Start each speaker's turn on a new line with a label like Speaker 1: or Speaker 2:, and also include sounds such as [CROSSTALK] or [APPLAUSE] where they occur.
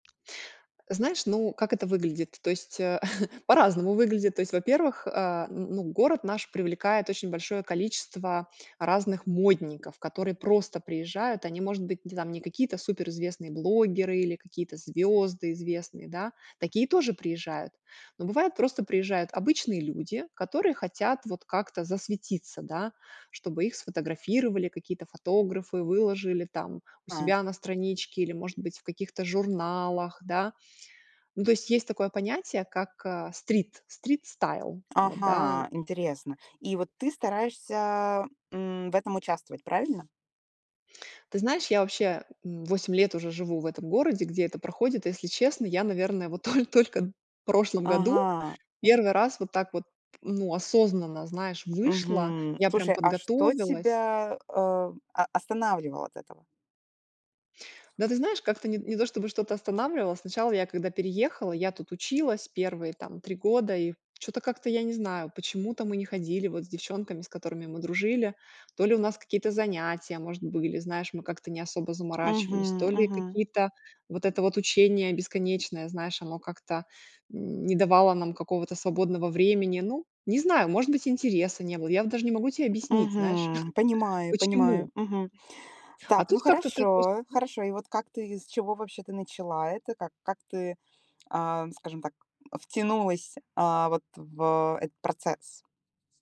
Speaker 1: Знаешь, ну, как это выглядит? То есть, э, [CHUCKLES] по-разному выглядит. То есть, во-первых, э, н ну, город наш привлекает очень большое количество разных модников, которые просто приезжают. Они, может быть, не не какие-то суперизвестные блогеры или какие-то звёзды известные, да. Такие тоже приезжают, но бывает, просто приезжают обычные люди, которые хотят вот как-то засветиться, да, чтобы их сфотографировали, какие-то фотографы выложили там у
Speaker 2: А.
Speaker 1: себя на страничке или, может быть, в каких-то журналах, да. Ну, то есть, есть такое понятие, как, э, стрит стрит-стайл. Вот, да.
Speaker 2: Ага, интересно. И вот ты стараешься, м, в этом участвовать, правильно?
Speaker 1: Ты знаешь, я вообще, м, 8 лет уже живу в этом городе, где это проходит. Если честно, я, наверное, вот то только в прошлом году
Speaker 2: Ага.
Speaker 1: 1 раз вот так вот, ну, осознанно, знаешь, вышла.
Speaker 2: Мгм.
Speaker 1: Я прям
Speaker 2: Слушай, а что
Speaker 1: подготовилась.
Speaker 2: тебя, э, о останавливало от этого?
Speaker 1: Да, ты знаешь, как-то не не то чтобы что-то останавливало. Сначала я, когда переехала, я тут училась 1 там 3 года, и чё-то как-то, я не знаю, почему-то мы не ходили вот с девчонками, с которыми мы дружили. То ли у нас какие-то занятия, может, были, знаешь, мы как-то не особо заморачивались,
Speaker 2: Мгм,
Speaker 1: то ли
Speaker 2: мгм.
Speaker 1: какие-то вот это вот учение бесконечное, знаешь, оно как-то не давало нам какого-то свободного времени. Ну, не знаю, может быть, интереса не было. Я вот даже не могу тебе объяснить, знаешь.
Speaker 2: Мгм.
Speaker 1: [CHUCKLES]
Speaker 2: Понимаю понимаю.
Speaker 1: Почему?
Speaker 2: Мгм. Так,
Speaker 1: А
Speaker 2: ну,
Speaker 1: тут как-то ты просто
Speaker 2: хорошо,
Speaker 1: н
Speaker 2: хорошо. И вот как ты, с чего вообще ты начала это? Как как ты, эм, скажем так, втянулась, а вот в этот процесс?